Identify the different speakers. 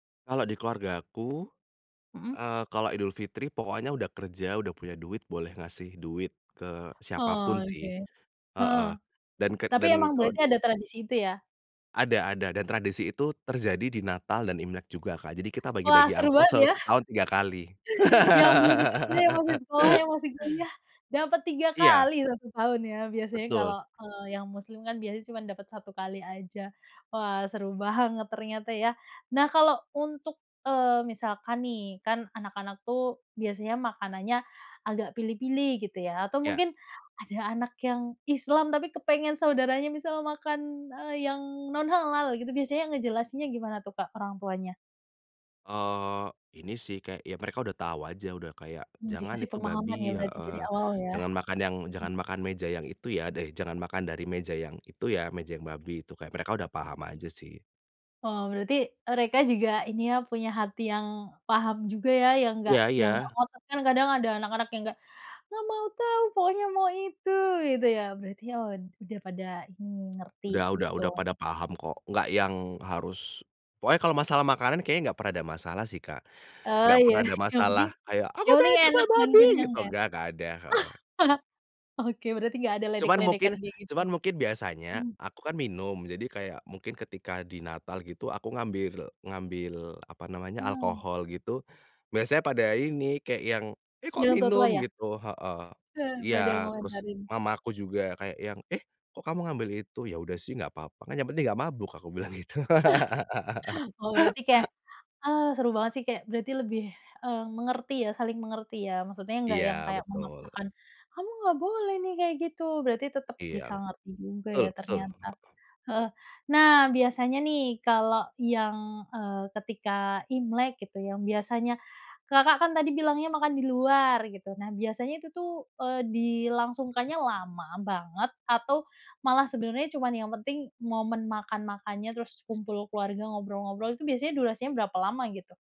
Speaker 1: Kalau di keluargaku,
Speaker 2: Mhm.
Speaker 1: eee, kalau Idul Fitri pokoknya udah kerja, udah punya duit boleh ngasih duit ke siapa pun
Speaker 2: Oh, oke,
Speaker 1: sih,
Speaker 2: heeh.
Speaker 1: heeh dan ket
Speaker 2: Tapi
Speaker 1: dan
Speaker 2: emang
Speaker 1: kalo
Speaker 2: berarti ada tradisi itu ya?
Speaker 1: Ada ada, dan tradisi itu terjadi di Natal dan Imlek juga Kak, jadi kita
Speaker 2: Wah,
Speaker 1: bagi-bagi
Speaker 2: seru
Speaker 1: angpao
Speaker 2: banget
Speaker 1: se
Speaker 2: ya?
Speaker 1: setahun 3 kali.
Speaker 2: Yang belum kerja, yang masih sekolah, yang masih kuliah, dapat 3
Speaker 1: Iya.
Speaker 2: kali tahun ya, biasanya
Speaker 1: Betul.
Speaker 2: kalau kalau yang Muslim kan, biasa cuma dapat 1 kali aja. Wah seru banget ternyata ya. Nah kalau untuk, eee, misalkan nih, kan anak-anak tuh, biasanya makanannya agak pilih-pilih gitu ya, atau
Speaker 1: Iya.
Speaker 2: mungkin ada anak yang Islam, tapi pengen saudara makan, eee, yang non halal gitu, biasanya ngejelasinnya gimana tuh, Kak, orang tuanya?
Speaker 1: Oh, ini sih kayak, ya mereka udah tahu aja, udah kayak
Speaker 2: Mmm,
Speaker 1: jangan
Speaker 2: dikasih
Speaker 1: itu
Speaker 2: pemahaman ya,
Speaker 1: babi.
Speaker 2: berarti
Speaker 1: Heeh,
Speaker 2: dari awal ya?
Speaker 1: "Jangan makan yang
Speaker 2: M
Speaker 1: jangan makan meja yang itu ya, deh jangan makan dari meja yang itu ya, meja yang babi itu!" Kayak mereka udah paham aja, sih.
Speaker 2: Wow, berarti mereka juga ini ya, punya hati yang paham juga ya, yang nggak
Speaker 1: Iya
Speaker 2: yang nggak
Speaker 1: iya.
Speaker 2: ngotot, kan kadang ada anak-anak yang kayak, "nggak mau tahu, pokoknya mau itu!" Gitu ya? Berarti ud udah pada ini, ngerti
Speaker 1: Udah udah
Speaker 2: gitu.
Speaker 1: udah pada paham kok, nggak yang harus pokoknya kalo masalah makanan kayaknya nggak pernah ada masalah sih Kak,
Speaker 2: Oh
Speaker 1: nggak
Speaker 2: ya,
Speaker 1: pernah ada
Speaker 2: yang
Speaker 1: masalah
Speaker 2: penting
Speaker 1: kayak, "Aku
Speaker 2: yang penting
Speaker 1: pengen coba
Speaker 2: enak dan
Speaker 1: babi!"
Speaker 2: kenyang
Speaker 1: Gitu,
Speaker 2: ya?
Speaker 1: nggak nggak ada, heeh.
Speaker 2: Oke, berarti nggak ada
Speaker 1: Cuman
Speaker 2: ledek-ledekan
Speaker 1: mungkin
Speaker 2: kaya gitu,
Speaker 1: cuman mungkin biasanya
Speaker 2: mhm.
Speaker 1: aku kan minum, jadi kayak mungkin ketika di Natal gitu, aku ngambil ngambil apa namanya,
Speaker 2: Mhm.
Speaker 1: alkohol gitu, biasanya pada ini kayak yang, "Eh, kok
Speaker 2: Yang tua-tua
Speaker 1: minum?"
Speaker 2: ya?
Speaker 1: Gitu. Heeh,
Speaker 2: Heeh, pada
Speaker 1: iya, terus
Speaker 2: ngomentarin?
Speaker 1: mama aku juga kayak yang, "Eh, kok kamu ngambil itu?" "Ya udah sih, nggak papa, kan yang penting nggak mabuk aku bilang gitu.
Speaker 2: Oh, berarti kayak, "Ah, seru banget sih," kayak berarti lebih, eee, mengerti ya, saling mengerti ya, maksudnya nggak yang
Speaker 1: Iya,
Speaker 2: kayak
Speaker 1: betul.
Speaker 2: memaksakan, "Kamu nggak boleh nih, kayak gitu!" berarti tetap
Speaker 1: I
Speaker 2: bisa
Speaker 1: yang,
Speaker 2: ngerti juga
Speaker 1: betul
Speaker 2: ya,
Speaker 1: betul,
Speaker 2: ternyata.
Speaker 1: heeh.
Speaker 2: Heeh, nah biasanya nih, kalau yang, eee, ketika imlek gitu, yang biasanya, Kakak kan tadi bilangnya makan di luar gitu. Nah, biasanya itu tuh, eee, dilangsungkannya lama banget atau malah sebenarnya cuma yang penting momen makan-makannya,
Speaker 1: Tul.
Speaker 2: terus kumpul keluarga, ngobrol-ngobrol. Itu biasanya durasinya berapa lama, gitu?